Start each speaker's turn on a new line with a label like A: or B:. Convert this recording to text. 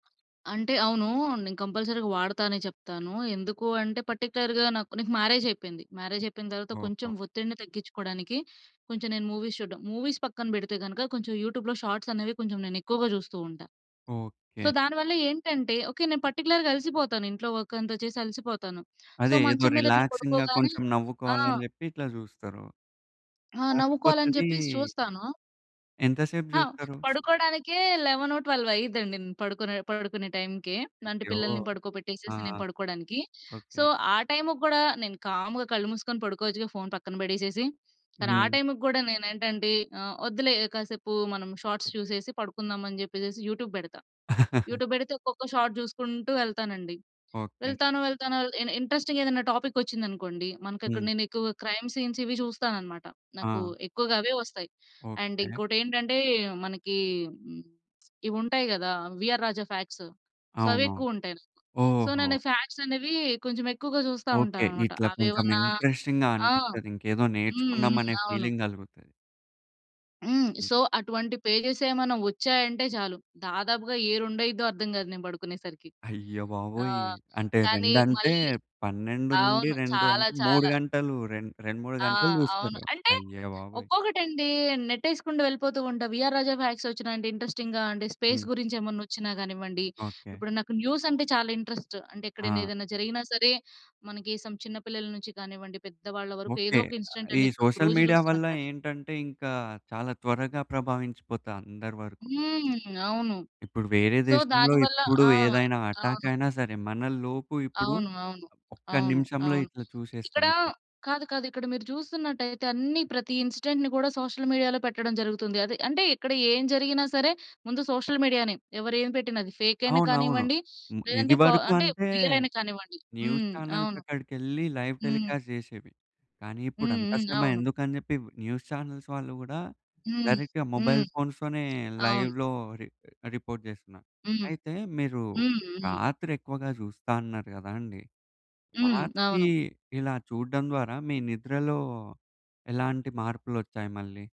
A: అంటే అవును. నేను కంపల్సరీగా వాడతానే చెప్తాను. ఎందుకు అంటే, పర్టిక్యులర్‌గా నాకు నాకు మ్యారేజ్ అయిపోయింది. మ్యారేజ్ అయిపోయిన తర్వాత, కొంచెం
B: ఓహో!
A: ఒత్తిడిని తగ్గించుకోవడానికి, కొంచెం నేను మూవీస్ చూడ్డం. మూవీస్ పక్కన పెడితే గనక, కొంచెం యూట్యూబ్‌లో షార్ట్స్ అనేవి కొంచెం ఎక్కువగా చూస్తూ ఉంటా. So,
B: okay.
A: దాని వల్ల ఏంటంటే ఓకే, నేను పర్టిక్యులర్‌గా అలిసిపోతాను ఇంట్లో వర్క్ అంతా చేసి అలిసిపోతాను. సో,
B: అదే. ఏదో
A: మంచం మీద ఇట్లా
B: రిలాక్సింగ్‌గా
A: పడుకోగానే
B: కొంచెం
A: ఆ!
B: నవ్వుకోవాలని చెప్పి ఇట్లా చూస్తారు.
A: ఆ! నవ్వుకోవాలని
B: కాకపోతదీ
A: చెప్పేసి చూస్తాను.
B: ఎంత సేపు
A: ఆ!
B: చూస్తారు?
A: పడుకోవడానికే 11, 12 అయ్యిద్దండి పడుకునే పడుకునే టైమ్‌కే. అంటే,
B: అయ్యో!
A: పిల్లల్ని
B: ఆ!
A: పడుకోబెట్టేసేసి నేను పడుకోడానికి. So,
B: okay.
A: ఆ టైము కూడా, నేను కామ్‌గా కళ్ళు మూసుకొని పడుకోవచ్చుగా ఫోన్ పక్కన పెడేసేసి. కానీ, ఆ
B: హ్మ్.
A: టైము కూడా నేనేంటంటే ఆహ్, వద్దులే కాసేపు మనం షార్ట్స్ చూసేసి పడుకుందామని చెప్పేసి, యూట్యూబ్ పెడతా. యూట్యూబ్ పెడితే, ఒక్కొక్క షాట్ చూసుకుంటూ వెళ్తానండి.
B: ఓకే.
A: వెళ్తాను, వెళ్తాను అల ఎన్ ఇంట్రెస్టింగ్ ఏదైనా టాపిక్ వచ్చిందనుకోండి, మనకి ఇక్కడ
B: హ్మ్.
A: నేను ఎక్కువగా క్రైమ్ సీన్స్ ఇవి చూస్తానన్నమాట. నాకు
B: ఆ!
A: ఎక్కువగా అవే వస్తాయి. And
B: okay.
A: ఇంకోటి ఏంటంటే, మనకి హ్మ్, ఇవి ఉంటాయి కదా! వీఆర్ రాజా ఫాక్ట్సు. సో, అవి
B: అవును.
A: ఎక్కువ ఉంటాయి నాకు. సో,
B: ఓహో!
A: నేను ఫాక్ట్స్ అనేవి కొంచెం ఎక్కువగా చూస్తూ
B: ఓకే.
A: ఉంటానన్నమాట.
B: ఇట్లా
A: అవి
B: కొంచెం
A: ఏవన్నా
B: ఇంట్రెస్టింగ్‌గా
A: ఆ!
B: అనిపిస్తది. ఇంకేదో
A: హ్మ్.
B: నేర్చుకుందాం
A: హ్మ్.
B: అనే
A: అవును.
B: ఫీలింగ్ కలుగుతది.
A: హ్మ్.
B: హ్మ్.
A: సో, అటువంటి పేజెస్ ఏమైనా వచ్చాయంటే చాలు. దాదాపుగా యే రెండయ్యిద్దో అర్ధం కాదు నేను పడుకునేసరికి.
B: అయ్య బాబోయ్!
A: ఆహ్,
B: అంటే
A: కానీ
B: రెండంటే,
A: మళ్ళీ
B: పన్నెండు నుండి
A: అవును.
B: రెండు
A: చాలా,
B: అంటే, 3
A: చాలా.
B: గంటలు. రె రెండు 3
A: ఆ!
B: గంటలు
A: అవును.
B: చూస్తారు.
A: అంటే,
B: అయ్య బాబోయ్!
A: ఒక్కొకటండి నెట్టేసుకుంటూ యెళ్ళిపోతూ ఉంటా. వీఆర్ రాజా ఫాక్ట్స్ వచ్చినాయి అంటే ఇంట్రెస్టింగ్‌గా అంటే, స్పేస్
B: హ్మ్.
A: గురించి ఏమన్నా వచ్చినా కానివ్వండి,
B: ఓకే.
A: ఇప్పుడు నాకు న్యూస్ అంటే చాలా ఇంట్రెస్ట్. అంటే ఎక్కడైనా
B: ఆ!
A: ఏదైనా జరిగినా సరే, మనకి సమ్ చిన్నపిల్లల నుంచి కానివ్వండి, పెద్దవాళ్ళ వరకు
B: ఓకే.
A: ఏదో ఒక ఇన్సిడెంట్
B: ఈ
A: అనేది మనకు
B: సోషల్
A: రోజు
B: మీడియా
A: చూస్తున్నాం
B: వల్ల
A: కదా!
B: ఏంటంటే, ఇంకా చాలా త్వరగా ప్రభావించిపోతా అందరి వరకు.
A: హ్మ్. అవును.
B: ఇప్పుడు, వేరే
A: సో,
B: దేశంలో
A: దాని వల్ల
B: ఇప్పుడు
A: ఆ!
B: ఏదైనా అటాక్
A: అవును.
B: అయినా సరే, మనలోపు ఇప్పుడు
A: అవును. అవును.
B: ఒక్క
A: అవును.
B: నిమిషంలో
A: అవును.
B: ఇట్లా చూసేస్తాం.
A: ఇక్కడ కాదు, కాదు. ఇక్కడ మీరు చూస్తున్నట్లయితే అన్ని ప్రతి ఇన్సిడెంట్‌ని కూడా, సోషల్ మీడియాలో పెట్టడం జరుగుతుంది. అదే. అంటే ఇక్కడ ఏం జరిగినా సరే, ముందు సోషల్ మీడియా‌నే. ఎవరు ఏమి పెట్టిన. అది ఫేక్ అయినా
B: అవునవును.
A: కానివ్వండి,
B: హ్మ్.
A: లేదంటే, ప
B: ఇదివరకు
A: అంటే
B: అంటే,
A: రియల్ అయినా కానివ్వండి.
B: న్యూస్
A: హ్మ్.
B: ఛానెల్స్
A: అవును.
B: అక్కడికెళ్ళి, లైవ్
A: హ్మ్.
B: టెలికాస్ట్ చేసేవి. కానీ, ఇప్పుడు
A: హ్మ్.
B: అంత
A: హ్మ్.
B: శ్రమ
A: ఆవును.
B: ఎందుకని చెప్పి న్యూస్ ఛానెల్స్ వాళ్ళు కూడా,
A: హ్మ్.
B: డైరెక్ట్‌గా
A: హ్మ్.
B: మొబైల్ ఫోన్స్‌తోనే
A: అవును.
B: లైవ్‌లో రి రిపోర్ట్ చేస్తున్నారు.
A: హ్మ్.
B: అయితే, మీరు
A: హ్మ్. హ్మ్.
B: రాత్రి ఎక్కువగా చూస్తా అన్నారు కదండీ.
A: హ్మ్.
B: రాత్రి
A: అవును.
B: ఇలా చూడడం ద్వారా, మీ నిద్రలో ఎలాంటి మార్పులోచ్చాయి మళ్ళీ?